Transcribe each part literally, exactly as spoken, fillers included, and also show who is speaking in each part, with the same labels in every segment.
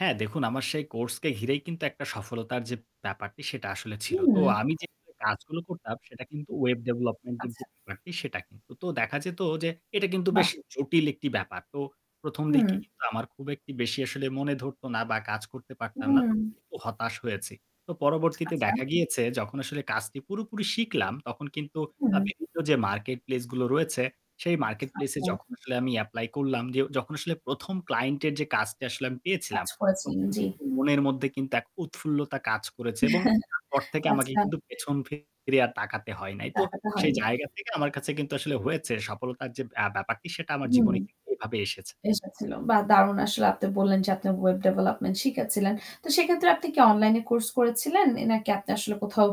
Speaker 1: হ্যাঁ, দেখুন আমার সেই কোর্সকে ঘিরেই কিন্তু একটা সফলতার যে ব্যাপারটি সেটা আসলে ছিল। তো
Speaker 2: হুম।
Speaker 1: আমি যে [unintelligible] কাজগুলো করতাম সেটা কিন্তু web development এর
Speaker 2: আচ্ছা।
Speaker 1: যে ব্যাপারটি সেটা কিন্তু। তো দেখা যেত যে এটা কিন্তু বেশ
Speaker 2: বাহ!
Speaker 1: জটিল একটি ব্যাপার। তো প্রথম দিকে
Speaker 2: হুম।
Speaker 1: কিন্তু আমার খুব একটি বেশি আসলে মনে ধরতো না বা কাজ করতে পারতাম না।
Speaker 2: হুম।
Speaker 1: তখন কিন্তু হতাশ হয়েছি। তো পরবর্তীতে
Speaker 2: আচ্ছা।
Speaker 1: দেখা গিয়েছে যখন আসলে কাজটি পুরোপুরি শিখলাম তখন কিন্তু আ
Speaker 2: হুম।
Speaker 1: বিভিন্ন যে market place গুলো রয়েছে সেই market place এ
Speaker 2: আচ্ছা।
Speaker 1: যখন আসলে আমি apply করলাম, যে যখন আসলে প্রথম client এর যে কাজটা আসলে আমি পেয়েছিলাম,
Speaker 2: কাজ করেছেন,
Speaker 1: তখন
Speaker 2: জ্বী।
Speaker 1: কিন্তু মনের মধ্যে কিন্তু এক উৎফুল্লতা কাজ করেছে এবং তারপর থেকে আমাকে
Speaker 2: আচ্ছা।
Speaker 1: কিন্তু পেছন ফিরে আর তাকাতে হয় নাই। তো
Speaker 2: দেখাতে
Speaker 1: সেই
Speaker 2: হয়নি।
Speaker 1: জায়গা থেকে আমার কাছে কিন্তু আসলে হয়েছে সফলতার যে ব্যা ব্যাপারটি সেটা আমার
Speaker 2: হুম।
Speaker 1: জীবনে কিন্তু এভাবে এসেছে।
Speaker 2: এসেছিল। বাহ! দারুণ আসলে। আপনি বললেন যে আপনি web development শিখেছিলেন। তো সেক্ষেত্রে আপনি কি অনলাইন কোর্স করেছিলেন? নাকি আপনি আসলে কোথাও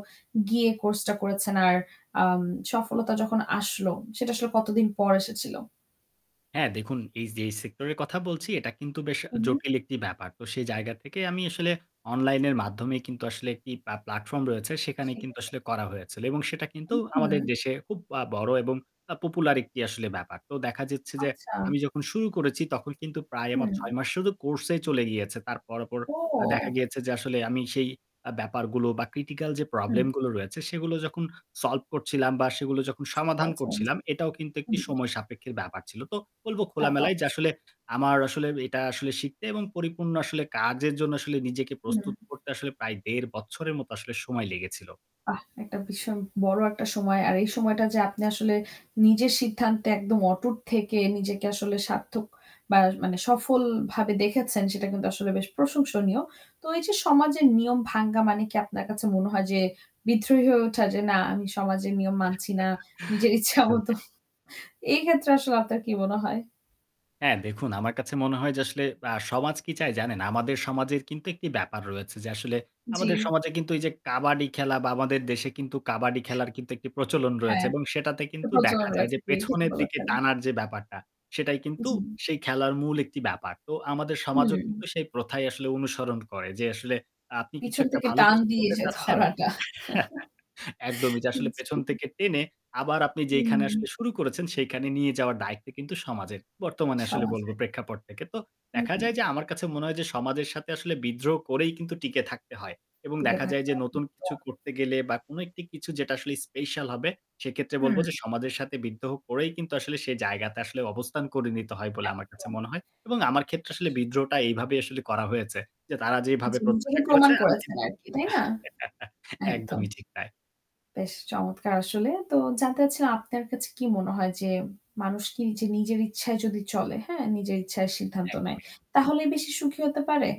Speaker 2: গিয়ে কোর্স টা করেছেন? আর আম সফলতা যখন আসলো, সেটা আসলে কতদিন পর এসেছিল?
Speaker 1: হ্যাঁ, দেখুন এই যেই সেক্টরের কথা বলছি এটা কিন্তু বেশ
Speaker 2: উহু।
Speaker 1: জটিল একটি ব্যাপার। তো সেই জায়গা থেকে আমি আসলে অনলাইনের মাধ্যমেই কিন্তু আসলে একটি প্লা প্লাটফর্ম রয়েছে। সেখানে
Speaker 2: ঠিক
Speaker 1: কিন্তু
Speaker 2: আছে।
Speaker 1: আসলে করা হয়েছিল। এবং সেটা কিন্তু আমাদের
Speaker 2: হুম।
Speaker 1: দেশে খুব আ বড় এবং আ popular একটি আসলে ব্যাপার। তো দেখা যাচ্ছে যে
Speaker 2: আচ্ছা।
Speaker 1: আমি যখন শুরু করেছি তখন কিন্তু প্রায় আমার
Speaker 2: হুম।
Speaker 1: ছয় মাস শুধু কোর্স এই চলে গিয়েছে। তারপর পর দেখা
Speaker 2: ও।
Speaker 1: গিয়েছে যে আসলে আমি সেই আ ব্যাপারগুলো বা critical যে
Speaker 2: হুম।
Speaker 1: problem গুলো রয়েছে সেগুলো যখন solve করছিলাম বা সেগুলো যখন
Speaker 2: ঠিক
Speaker 1: সমাধান
Speaker 2: বলেছেন, জ্বী।
Speaker 1: করছিলাম, এটাও কিন্তু একটা
Speaker 2: হুম।
Speaker 1: সময় সাপেক্ষের ব্যাপার ছিল। তো বলবো
Speaker 2: তা তো
Speaker 1: খোলামেলায় যে
Speaker 2: অবশ্যই।
Speaker 1: আসলে আমার আসলে এটা আসলে শিখতে এবং পরিপূর্ণ আসলে কাজের জন্য আসলে নিজেকে
Speaker 2: হুম।
Speaker 1: প্রস্তুত করতে আসলে প্রায় দেড় বছরের মতো আসলে সময় লেগেছিল।
Speaker 2: বাহ! একটা ভীষণ বড় একটা সময়। আর এই সময়টা যে আপনি আসলে নিজের সিদ্ধান্তে একদম অটুট থেকে নিজেকে আসলে সার্থক বা মানে সফলভাবে দেখেছেন সেটা কিন্তু আসলে বেশ প্রশংসনীয়। তো এইযে সমাজের নিয়ম ভাঙ্গা মানে কি আপনার কাছে মনে হয় যে বিদ্রোহী হয়ে ওঠা? যে না আমি সমাজের নিয়ম মানছি না। নিজের ইচ্ছা মত।
Speaker 1: একদমই।
Speaker 2: এই ক্ষেত্রে আসলে আপনার কি মনে হয়?
Speaker 1: হ্যাঁ, দেখুন আমার কাছে মনে হয় যে আসলে আ সমাজ কি চায় জানেন? আমাদের সমাজের কিন্তু একটি ব্যাপার রয়েছে যে আসলে
Speaker 2: জ্বী।
Speaker 1: আমাদের সমাজে কিন্তু এইযে কাবাডি খেলা বা আমাদের দেশে কিন্তু কাবাডি খেলার কিন্তু একটি প্রচলন রয়েছে।
Speaker 2: হ্যাঁ।
Speaker 1: এবং সেটাতে
Speaker 2: একটা
Speaker 1: কিন্তু দেখা
Speaker 2: প্রচলন
Speaker 1: যায়
Speaker 2: রয়েছে,
Speaker 1: যে
Speaker 2: জ্বী, ঠিক
Speaker 1: পেছনের দিকে
Speaker 2: বলেছেন।
Speaker 1: টানার যে ব্যাপারটা সেটাই কিন্তু
Speaker 2: জ্বী।
Speaker 1: সেই খেলার মূল একটি ব্যাপার। তো আমাদের সমাজও
Speaker 2: হুম।
Speaker 1: কিন্তু সেই প্রথাই আসলে অনুসরণ করে। যে আসলে আপনি কিছু
Speaker 2: পিছন
Speaker 1: একটা
Speaker 2: থেকে
Speaker 1: ভালো
Speaker 2: টান
Speaker 1: কিছু
Speaker 2: দিয়ে
Speaker 1: করতে
Speaker 2: যে
Speaker 1: চাচ্ছেন?
Speaker 2: ধরাটা।
Speaker 1: একদমই। যে আসলে
Speaker 2: জ্বী।
Speaker 1: পেছন থেকে টেনে আবার আপনি যেইখানে আসলে
Speaker 2: হুম।
Speaker 1: শুরু করেছেন সেইখানে নিয়ে যাওয়ার দায়িত্ব কিন্তু সমাজের। বর্তমানে আসলে
Speaker 2: সমাজে।
Speaker 1: বলবো প্রেক্ষাপট থেকে। তো
Speaker 2: হু,
Speaker 1: দেখা যায়
Speaker 2: হু।
Speaker 1: যে আমার কাছে মনে হয় যে সমাজের সাথে আসলে বিদ্রোহ করেই কিন্তু টিকে থাকতে হয়। এবং
Speaker 2: টিকে
Speaker 1: দেখা যায়
Speaker 2: থাকতে
Speaker 1: যে
Speaker 2: হবে।
Speaker 1: নতুন
Speaker 2: [unintelligible]
Speaker 1: কিছু করতে গেলে বা কোনো একটি কিছু যেটা আসলে special হবে সেক্ষেত্রে
Speaker 2: হুম।
Speaker 1: বলব যে সমাজের সাথে বিদ্রোহ করেই কিন্তু আসলে সে জায়গাতে আসলে অবস্থান করে নিতে হয় বলে আমার কাছে
Speaker 2: একদম।
Speaker 1: মনে হয়। এবং আমার ক্ষেত্রে আসলে
Speaker 2: [unintelligible]
Speaker 1: বিদ্রোহটা এইভাবেই আসলে করা হয়েছে। যে তারা যেভাবে
Speaker 2: জি। নিজেকে
Speaker 1: প্রত্যাশা করেছে
Speaker 2: প্রমাণ
Speaker 1: আমি
Speaker 2: করেছেন
Speaker 1: কিন্তু
Speaker 2: আরকি তাই না? একদম।
Speaker 1: একদমই ঠিক তাই।
Speaker 2: বেশ চমৎকার আসলে। তো জানতে চাচ্ছিলাম আপনার কাছে কি মনে হয় যে মানুষ কি নিজে নিজের ইচ্ছায় যদি চলে, হ্যাঁ? নিজের ইচ্ছায় সিদ্ধান্ত নেয়,
Speaker 1: একদমই।
Speaker 2: তাহলেই বেশি সুখী হতে পারে?